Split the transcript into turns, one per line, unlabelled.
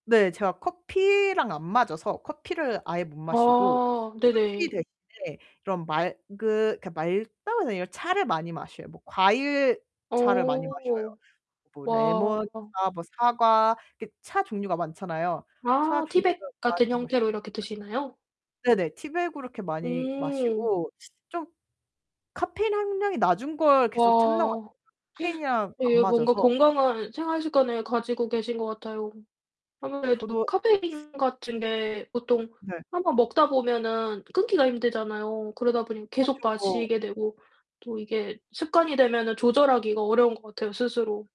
네. 제가 커피랑 안 맞아서 커피를 아예 못 마시고
어
그 커피
네네.
대신에 그런 맑으 그 맑다고 해야 되나 차를 많이 마셔요. 뭐 과일 차를 많이 마셔요.
어.
뭐 레몬차,
와.
뭐 사과 이렇게 차 종류가 많잖아요. 차
아
종류를
티백
많이
같은
마셔
형태로 이렇게 드시나요?
네네. 티백으로 이렇게 많이
음.
마시고 좀 카페인 함량이 낮은 걸 계속 찾는 것 같
와.
카페인이랑 안
예. 뭔가
맞아서.
건강한 생활 습관을 가지고 계신 것 같아요. 아무래도
저도
카페인 같은 게 보통
네.
1 번 먹다 보면은 끊기가 힘들잖아요. 그러다 보니 계속
하쵸고
마시게 되고 또 이게 습관이 되면은 조절하기가 어려운 것 같아요 스스로.